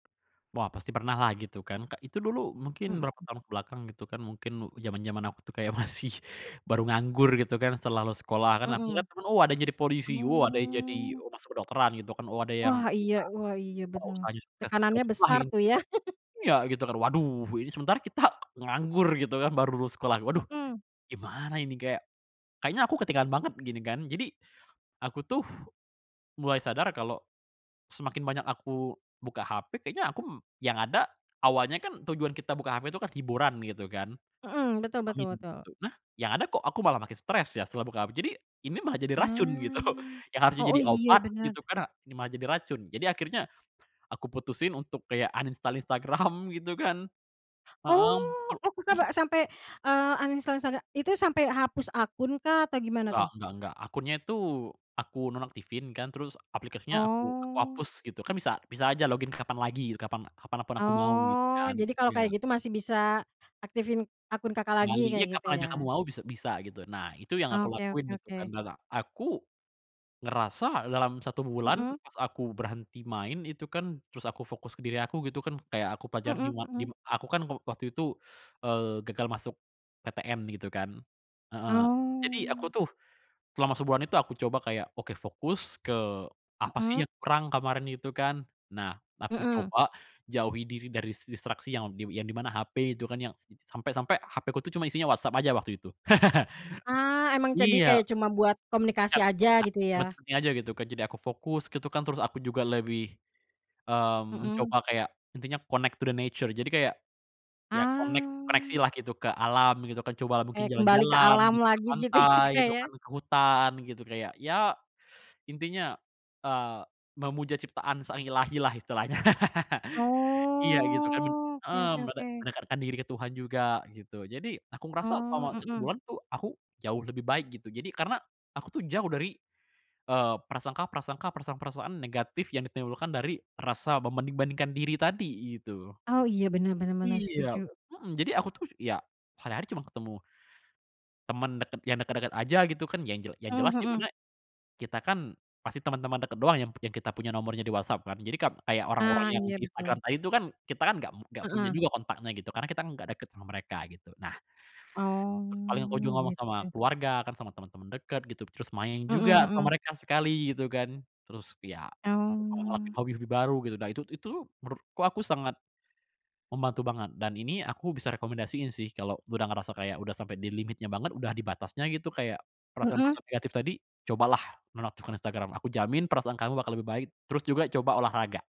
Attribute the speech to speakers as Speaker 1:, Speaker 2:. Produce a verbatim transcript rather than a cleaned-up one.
Speaker 1: Wah pasti pernah lah gitu kan, ka itu dulu mungkin berapa
Speaker 2: Mhm.
Speaker 1: tahun ke belakang gitu kan. Mungkin mu jaman jaman aku tuh kayak masih baru nganggur gitu kan, setelah lulus sekolah. Kan aku inget
Speaker 2: Mhm.
Speaker 1: kan oh ada yang jadi polisi, oh ada yang jadi,
Speaker 2: Mmm.
Speaker 1: oh masuk kedokteran gitu kan, oh ada yang
Speaker 2: Wah iya wah iya
Speaker 1: [unintelligible] oh,
Speaker 2: benar.
Speaker 1: usahanya sukses
Speaker 2: Tekanannya
Speaker 1: segalanya, wah
Speaker 2: besar
Speaker 1: ini
Speaker 2: tuh, ya.
Speaker 1: juga iya gitu kan, waduh ini sementara kita nganggur gitu kan, baru lulus sekolah, "Waduh
Speaker 2: Mhm.
Speaker 1: gimana ini? Kayak, kayaknya aku ketinggalan banget," gini kan. Jadi, aku tuh mulai sadar kalau semakin banyak aku buka HP kayaknya aku m yang ada awalnya kan tujuan kita buka HP tuh kan hiburan gitu kan.
Speaker 2: Mhm, betul betul
Speaker 1: [unintelligible]
Speaker 2: betul.
Speaker 1: Eh, yang ada kok aku malah makin stres ya setelah buka HP. Jadi, ini malah jadi racun, gitu.
Speaker 2: Ah,
Speaker 1: Yang harusnya
Speaker 2: oh
Speaker 1: jadi
Speaker 2: iya
Speaker 1: obat
Speaker 2: benar.
Speaker 1: gitu kan, a ini malah jadi racun. Jadi akhirnya aku putusin untuk kayak uninstall Instagram gitu kan
Speaker 2: Oh.
Speaker 1: heeh.
Speaker 2: Oh, Kakak ba
Speaker 1: [unintelligible]
Speaker 2: sampai, eee, uninstall instaga itu sampai hapus akun kah atau gimana
Speaker 1: Nggak
Speaker 2: tuh?
Speaker 1: nggak nggak. Akun nya itu, aku nonaktifin kan, terus aplikasinya aku, aku
Speaker 2: Oh.
Speaker 1: hapus, gitu. Kan bisa bisa aja login kapan lagi, gitu. Kapan-kapan aku mau gitu
Speaker 2: Oh,
Speaker 1: kan
Speaker 2: Jadi kalau
Speaker 1: iya.
Speaker 2: kayak gitu masih bisa aktifin akun Kakak, lagi
Speaker 1: Kembali.
Speaker 2: kayak
Speaker 1: Ya
Speaker 2: gitu
Speaker 1: kapan aja kamu
Speaker 2: ya?
Speaker 1: mau bis bisa gitu. Nah, itu yang aku
Speaker 2: Oke
Speaker 1: lakuin
Speaker 2: oke
Speaker 1: gitu kan
Speaker 2: oke.
Speaker 1: da la aku ngerasa dalam satu bulan,
Speaker 2: Mhm.
Speaker 1: pas aku berhenti main itu kan, terus aku fokus ke diri aku gitu kan kayak aku pelajar
Speaker 2: Mhm
Speaker 1: dima
Speaker 2: mhm.
Speaker 1: dima aku kan waktu itu, eee, gagal masuk PTN gitu kan heeh. Jadi, aku
Speaker 2: Oh.
Speaker 1: tuh selama sebulan itu, aku coba kayak, oke fokus ke apa sih
Speaker 2: Mhm.
Speaker 1: yang kurang kemarin itu kan. Nah, aku
Speaker 2: Mhm.
Speaker 1: coba jauhi diri dari dis distraksi yang di yang di mana, HP itu kan yang s sampe sampe HP ku tuh, cuma isinya WhatsApp aja waktu itu.
Speaker 2: Ah, emang jadi
Speaker 1: Iya.
Speaker 2: kayak cuma buat komunikasi
Speaker 1: [unintelligible]
Speaker 2: aja gitu
Speaker 1: Nggak.
Speaker 2: ya?
Speaker 1: Aja gitu kan, jadi aku fokus gitu kan, terus aku juga lebih, mmm,
Speaker 2: Mhm.
Speaker 1: mencoba kayak intinya connect to the nature, jadi kayak ya connect, koneksi
Speaker 2: Ah.
Speaker 1: lah gitu ke alam gitu kan. Cobalah mungkin
Speaker 2: Kayak kembali ke
Speaker 1: jalan-jalan
Speaker 2: alam
Speaker 1: gitu ke
Speaker 2: lagi gitu ya,
Speaker 1: pantai
Speaker 2: Kak,
Speaker 1: gitu
Speaker 2: ya.
Speaker 1: kan, ke hutan gitu kayak ya intinya, eee, memuja ciptaan sang Illahi lah istilahnya. Iya gitu kan, mend
Speaker 2: Oh, oke
Speaker 1: eee
Speaker 2: oke
Speaker 1: mende
Speaker 2: oke.
Speaker 1: mendekatkan diri ke Tuhan juga, gitu. Jadi aku
Speaker 2: Oh,
Speaker 1: merasa selama satu
Speaker 2: mmm.
Speaker 1: bulan tuh aku jauh lebih baik, gitu. Jadi, karena aku tuh jauh dari, eee, prasangka-prasangka, perasaan-perasaan negatif yang ditimbulkan dari rasa membanding bandingkan diri tadi, gitu.
Speaker 2: Oh, iya. Benar benar benar,
Speaker 1: Iya
Speaker 2: setuju.
Speaker 1: mhm, jadi aku tuh ya, hari hari cuma ketemu teman deket yang deket-deket aja gitu kan, yang jel yang jelas
Speaker 2: Mhm,
Speaker 1: di
Speaker 2: hmm.
Speaker 1: mana kita kan pasti teman-teman deket doang yang kita punya nomornya di WhatsApp kan. Jadi kan, kayak orang-orang
Speaker 2: Ah,
Speaker 1: yang
Speaker 2: iya
Speaker 1: di Instagram
Speaker 2: betul.
Speaker 1: tadi itu kan, kita kan enggak mu enggak punya
Speaker 2: Heeh.
Speaker 1: juga kontaknya gitu, karena kita enggak deket sama mereka gitu. Nah, paling aku juga
Speaker 2: Oh,
Speaker 1: ngomong sama
Speaker 2: gitu.
Speaker 1: keluarga, kan sama temen temen deket gitu, terus main
Speaker 2: Mhm
Speaker 1: juga
Speaker 2: mhm.
Speaker 1: sama mereka sekali gitu kan. Terus ya,
Speaker 2: Oh.
Speaker 1: ngelakuin hobi-hobi baru gitu, nah itu itu menurutku aku sangat membantu banget. Dan ini aku bisa rekomendasiin sih, kalo udah ngerasa kayak, udah sampe di limitnya banget, udah di batasnya gitu, kayak perasaan
Speaker 2: Mhm.
Speaker 1: perasaan negatif tadi, cobalah menonaktifkan Instagram. Aku jamin perasaan kamu bakal lebih baik. Terus juga coba olahraga.